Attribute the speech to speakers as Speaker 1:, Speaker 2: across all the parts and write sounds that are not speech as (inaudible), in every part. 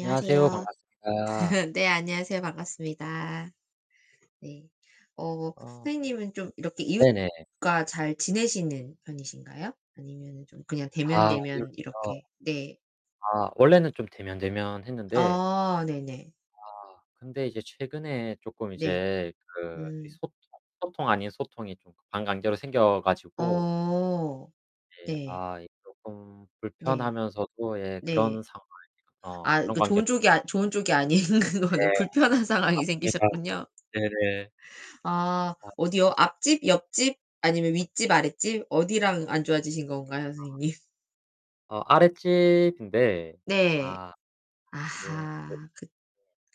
Speaker 1: 안녕하세요. 반갑습니다.
Speaker 2: (laughs) 네 안녕하세요. 반갑습니다. 네. 어
Speaker 1: 아.
Speaker 2: 선생님은 좀 이렇게
Speaker 1: 네네.
Speaker 2: 이웃과 잘 지내시는 편이신가요? 아니면은 좀 그냥
Speaker 1: 아.
Speaker 2: 데면데면
Speaker 1: 이웃이요.
Speaker 2: 이렇게 네.
Speaker 1: 아 원래는 좀 데면데면했는데
Speaker 2: 아 네네.
Speaker 1: 아 근데 이제 최근에 조금
Speaker 2: 네.
Speaker 1: 이제 그 이
Speaker 2: 음.
Speaker 1: 소통 소통 아닌 소통이 좀 반강제로 생겨 가지고
Speaker 2: 어.
Speaker 1: 예
Speaker 2: 네.
Speaker 1: 아 이 조금
Speaker 2: 네.
Speaker 1: 불편하면서도 예 그런
Speaker 2: 네.
Speaker 1: 상황. 어
Speaker 2: 아 이
Speaker 1: 그런
Speaker 2: 그
Speaker 1: 관계
Speaker 2: 좋은 쪽이 아니 좋은 쪽이 아닌 거네.
Speaker 1: 네.
Speaker 2: 불편한 상황이
Speaker 1: 맞습니다.
Speaker 2: 생기셨군요.
Speaker 1: 네네.
Speaker 2: 아
Speaker 1: 아.
Speaker 2: 어디요? 앞집? 옆집? 아니면 윗집? 아랫집? 어디랑 안 좋아지신 건가요?
Speaker 1: 아.
Speaker 2: 선생님?
Speaker 1: 어 아랫집인데
Speaker 2: 네.
Speaker 1: 아 이게
Speaker 2: 아 그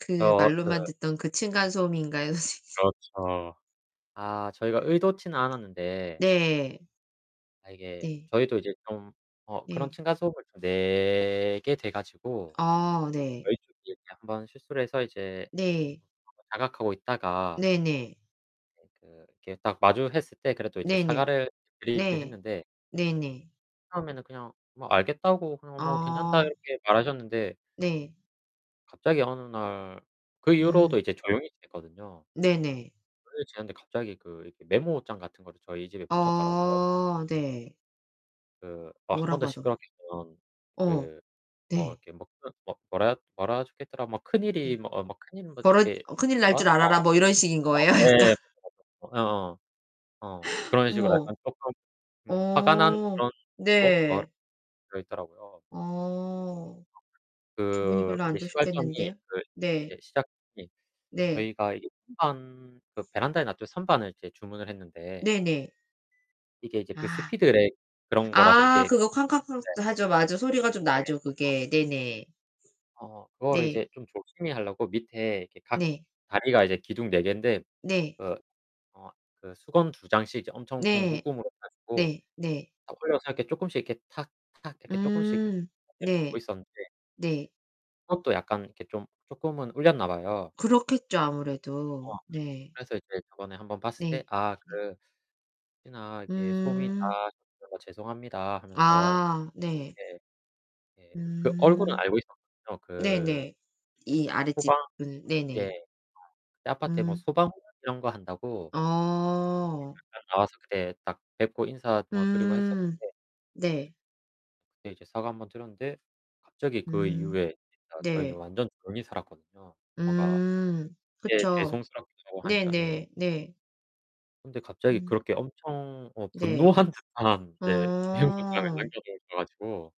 Speaker 2: 그
Speaker 1: 어 그.
Speaker 2: 말로만 듣던 그
Speaker 1: (unintelligible)
Speaker 2: 층간 소음인가요 선생님?
Speaker 1: 그렇죠. 아 저희가 의도치는 않았는데
Speaker 2: 네.
Speaker 1: 아 이게
Speaker 2: 네.
Speaker 1: 저희도 이제 좀 어 그런
Speaker 2: 네.
Speaker 1: 층간 소음을 내게 돼 가지고.
Speaker 2: 아 네.
Speaker 1: 저희 쪽이 1 번 실수를 해서 이제
Speaker 2: 네.
Speaker 1: (unintelligible) 자각하고 있다가
Speaker 2: 네네.
Speaker 1: 네 그 이렇게 딱 마주했을 때 그래도 이제
Speaker 2: 네네.
Speaker 1: 사과를 드리긴
Speaker 2: 네.
Speaker 1: 했는데
Speaker 2: 네네.
Speaker 1: 처음에는 그냥 뭐 알겠다고 그냥 뭐 괜찮다
Speaker 2: 아.
Speaker 1: 이렇게 말하셨는데
Speaker 2: 네.
Speaker 1: 갑자기 어느 날 그 이후로도
Speaker 2: 음.
Speaker 1: 이제 조용히 지냈거든요.
Speaker 2: 네네.
Speaker 1: 그렇게 지냈는데 갑자기 그 이렇게 메모장 같은 거를 저희 집에 붙였더라고요.
Speaker 2: 아 네.
Speaker 1: 그 뭐 1 번 더
Speaker 2: 뭐라고 하던
Speaker 1: 시끄럽게 굴면
Speaker 2: 어.
Speaker 1: 그 뭐
Speaker 2: 네.
Speaker 1: 이렇게 뭐 그런 뭐라 뭐라 젹혀있더라. 뭐 큰일이
Speaker 2: 네.
Speaker 1: 뭐 어 뭐 큰일이 뭐
Speaker 2: 벌어
Speaker 1: 이렇게
Speaker 2: 큰일 날 줄 알아라 뭐 이런 식인 거예요? 약간.
Speaker 1: (unintelligible) 예예. 어어. 어.
Speaker 2: (gasps)
Speaker 1: 그런 식으로
Speaker 2: 어머.
Speaker 1: 약간 조금 음 화가 난
Speaker 2: 어
Speaker 1: 그런
Speaker 2: 네.
Speaker 1: (unintelligible) 있더라고요.
Speaker 2: 어. 기분이
Speaker 1: 그
Speaker 2: 별로
Speaker 1: 이제
Speaker 2: 안
Speaker 1: 시발점이
Speaker 2: 좋으셨겠는데요.
Speaker 1: 그
Speaker 2: 네.
Speaker 1: 이제 시작이
Speaker 2: 네.
Speaker 1: 저희가 이게 선반 그 베란다에 놨죠. 선반을 이제 주문을 했는데
Speaker 2: 네 네.
Speaker 1: 이게 이제 그
Speaker 2: 아.
Speaker 1: speedrack 그런 거라서 이게
Speaker 2: 아
Speaker 1: 네.
Speaker 2: 그거 쾅쾅쾅 또 하죠. 맞아. 소리가 좀 나죠.
Speaker 1: (unintelligible)
Speaker 2: 그게. 네네.
Speaker 1: 어 그거를
Speaker 2: 네.
Speaker 1: 이제 좀 조심히 하려고 밑에 이렇게 각
Speaker 2: 네.
Speaker 1: 다리가 이제 기둥 네 개인데
Speaker 2: 네.
Speaker 1: 그 어 그 수건 두 장씩 이제 엄청 엄청
Speaker 2: 네.
Speaker 1: 묶음으로 해 가지고
Speaker 2: 네. 네.
Speaker 1: 어 벌려서 이렇게 조금씩 이렇게 탁탁 이렇게 조금씩
Speaker 2: 음
Speaker 1: (unintelligible)
Speaker 2: 네.
Speaker 1: 있었는데
Speaker 2: 네.
Speaker 1: 그것도 약간 이렇게 좀 조금은 울렸나봐요.
Speaker 2: 그렇겠죠 아무래도.
Speaker 1: 어.
Speaker 2: 네.
Speaker 1: 그래서 이제 저번에 1 번 봤을 때
Speaker 2: 네.
Speaker 1: "아 그 혹시나 이렇게 소음이
Speaker 2: 음.
Speaker 1: 나서 죄송합니다" 하면서.
Speaker 2: 아 네.
Speaker 1: 네. 네. 그 얼굴은
Speaker 2: 음.
Speaker 1: 알고 있었죠. 그
Speaker 2: 네네. 이
Speaker 1: 소방.
Speaker 2: 아랫집은
Speaker 1: 예.
Speaker 2: 네네.
Speaker 1: 아파트에 뭐
Speaker 2: 음.
Speaker 1: 소방 이런 거 한다고. 예
Speaker 2: 아.
Speaker 1: 잠깐 나와서 그때 딱 뵙고 인사 뭐 드리고
Speaker 2: 음
Speaker 1: 했었는데.
Speaker 2: 네.
Speaker 1: 그때 이제 사과 1 번 드렸는데 갑자기 그
Speaker 2: 음
Speaker 1: 이후에 진짜 저희는
Speaker 2: 네.
Speaker 1: 완전 조용히 살았거든요. 뭔가.
Speaker 2: 음.
Speaker 1: 예
Speaker 2: 그쵸.
Speaker 1: 죄송스럽기도 하니까. 예.
Speaker 2: 네네. 네.
Speaker 1: 근데 갑자기
Speaker 2: 음.
Speaker 1: 그렇게 엄청 어
Speaker 2: 네.
Speaker 1: 분노한 듯한 네. 메모장을
Speaker 2: 어.
Speaker 1: 남겨 놓으셔 가지고.